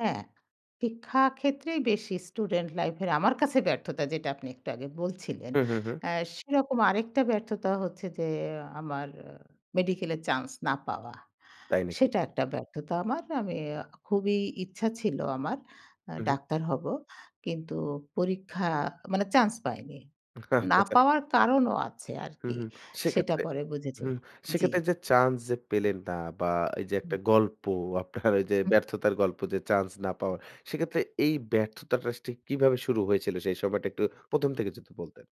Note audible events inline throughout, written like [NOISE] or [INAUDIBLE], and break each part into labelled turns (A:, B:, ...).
A: হ্যাঁ শিক্ষাক্ষেত্রেই বেশি স্টুডেন্ট লাইফের আমার কাছে ব্যর্থতা। যেটা আপনি একটু আগে বলছিলেন।
B: হু, হু, হু।
A: অ্যা সেরকম আরেকটা ব্যর্থতা হচ্ছে যে আমার মেডিকেলের চান্স না পাওয়া
B: তাই নাকি?
A: সেটা একটা ব্যর্থতা আমার। আমি অ্যা খুবই ইচ্ছা ছিল আমার আ
B: হু, হু।
A: ডাক্তার হবো কিন্তু পরীক্ষা মানে চান্স পাইনি।
B: আচ্ছা,
A: না
B: আচ্ছা।
A: পাওয়ার কারণও আছে আর
B: হুম,
A: কি
B: হুম।
A: সেটা
B: সেক্ষেত্রে
A: পরে বুঝেছি
B: হুম
A: জি।
B: সেক্ষেত্রে যে চান্স যে পেলেন না বা এই যে
A: হুম।
B: একটা গল্প আপনার ওই যে
A: উম
B: ব্যর্থতার গল্প যে চান্স না পাওয়ার। সেক্ষেত্রে এই ব্যর্থতাটা ঠিক কিভাবে শুরু হয়েছিল সেই সময়টা একটু ১ম থেকে যদি বলতেন?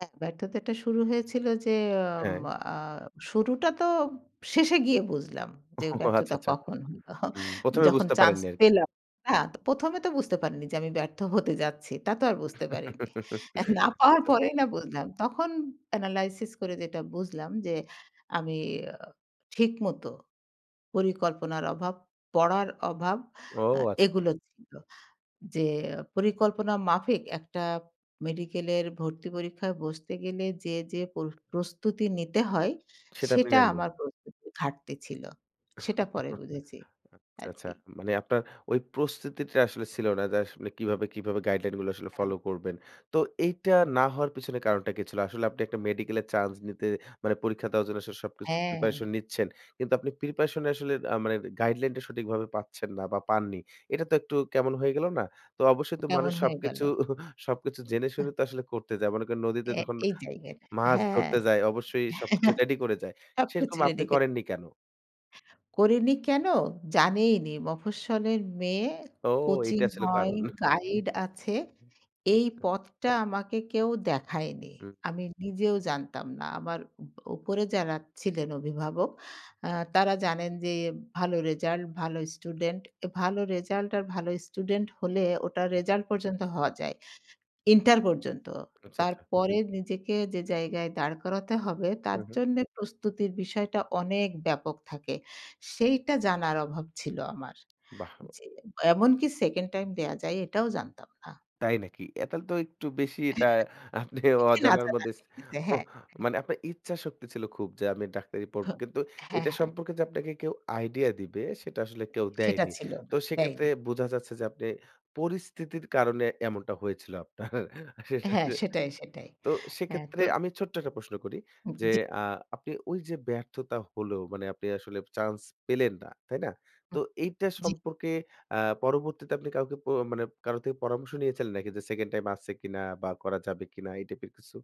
A: হ্যাঁ ব্যর্থতাটা শুরু হয়েছিল যে। আম
B: হ্যাঁ।
A: আ শুরুটা তো শেষে গিয়ে বুঝলাম
B: ও
A: যে
B: আচ্ছা,
A: ব্যর্থতা
B: আচ্ছা।
A: কখন হলো
B: উম প্রথমে
A: যখন
B: বুঝতে
A: চান্স
B: পারেননি আরকি।
A: পেলাম না তো ১ম এ তো বুঝতে পারিনি যে আমি ব্যর্থ হতে যাচ্ছি তা তো আর বুঝতে পারিনি। না
B: [CHUCKLES]
A: পাওয়ার
B: আচ্ছা।
A: পরেই না বুঝলাম। তখন অ্যানালাইসিস করে যেটা বুঝলাম যে আমি ঠিক মত পরিকল্পনার অভাব পড়ার অভাব
B: ও,
A: আ
B: আচ্ছা, আচ্ছা।
A: এগুলো ছিল। যে পরিকল্পনা মাফিক একটা মেডিকেলের ভর্তি পরীক্ষায় বসতে গেলে যে, যে প্র প্রস্তুতি নিতে হয়
B: সেটা আপনি
A: সেটা
B: নেননি।
A: আমার প্রস্তুতির ঘাটতি ছিল। সেটা পরে
B: [CHUCKLES]
A: বুঝেছি
B: আচ্ছা, আচ্ছা।
A: আরকি।
B: মানে আপনার ওই প্রস্তুতিটা আসলে ছিল না যে কিভাবে, কিভাবে গাইডলাইন গুলো আসলে
A: হ্যাঁ।
B: ফলো করবেন। তো এইটা
A: হুম।
B: না হওয়ার পেছনে কারণটা কি ছিল? আসলে আপনি একটা মেডিকেল এর চান্স নিতে মানে পরীক্ষা দেওয়ার জন্য আসলে সবকিছু
A: হ্যাঁ।
B: preparation নিচ্ছেন। কিন্তু আপনি preparation এ আসলে আ মানে গাইডলাইনটা সঠিকভাবে পাচ্ছেন না বা পাননি। এটা তো একটু কেমন হয়ে গেলো না? তো অবশ্যই তো মানুষ
A: কেমন হয়ে গেল।
B: সবকিছু [CHUCKLES] সবকিছু জেনে
A: এহ।
B: শুনে তো আসলে করতে যায়। মনে করেন নদীতে
A: অ্যা
B: যখন
A: এইটাই
B: মাছ
A: হ্যাঁ।
B: ধরতে যায় অবশ্যই সবকিছু
A: [CHUCKLES]
B: রেডি করে যায়। সেরকম
A: সবকিছু
B: আপনি
A: [UNINTELLIGIBLE]
B: করেননি কেন?
A: করিনি কেন? জানিইনি। মফস্বলের মেয়ে
B: ও
A: কোচিং
B: এইটা ছিল
A: হয়,
B: কারণ। [CHUCKLES]
A: গাইড আছে। এই পথটা আমাকে কেউ দেখায়নি।
B: হুম।
A: আমি নিজেও জানতাম না। আমার উপ উপরে যারা ছিলেন অভিভাবক আ তারা জানেন যে ভালো রেজাল্ট, ভালো স্টুডেন্ট। ভালো রেজাল্ট আর ভালো স্টুডেন্ট হলে ওটা রেজাল্ট পর্যন্ত হওয়া যায় ইন্টার পর্যন্ত।
B: আচ্ছা, আচ্ছা।
A: তারপরে নিজেকে যে জায়গায় দাঁড় করাতে হবে
B: হু,
A: তার
B: হু।
A: জন্যে প্রস্তুতির বিষয়টা অনেক ব্যাপক থাকে। সেইটা জানার অভাব ছিল আমার
B: বাহ! [UNINTELLIGIBLE]
A: জি। এমনকি 2nd টাইম দেওয়া যায় এটাও জানতাম না।
B: তাই নাকি? অ্যা তাইলে তো একটু বেশি এটা আপনি
A: একটু নাচ
B: অজানার মধ্যে
A: [UNINTELLIGIBLE] হ্যাঁ, হ্যাঁ।
B: মানে আপনার ইচ্ছা শক্তি ছিল খুব যে আমি ডাক্তারি পড়ব।
A: হ্যাঁ,
B: কিন্তু এটা
A: হ্যাঁ।
B: সম্পর্কে যে আপনাকে কেউ আইডিয়া দিবে সেটা আসলে কেউ
A: সেটা
B: দেয়নি।
A: ছিল
B: তো
A: না
B: সেক্ষেত্রে
A: দেয়নি।
B: বোঝা যাচ্ছে যে আপনি পরিস্থিতির কারণে এমনটা হয়েছিল আপনার।
A: হ্যাঁ সেটাই
B: [CHUCKLES]
A: সেটাই।
B: তো
A: হ্যাঁ
B: সেক্ষেত্রে
A: তো
B: আমি ছোট্ট একটা প্রশ্ন করি
A: উ,
B: যে
A: জি।
B: আ আপনি ওই যে ব্যর্থতা হলো মানে আপনি আসলে চান্স পেলেন না। তাই না? তো এইটা
A: জি।
B: সম্পর্কে আ পরবর্তীতে আপনি কাউকে প মানে কারো থেকে পরামর্শ নিয়েছিলেন নাকি যে 2nd টাইম আছে কিনা? বা করা যাবে কিনা এই টাইপের কিছু?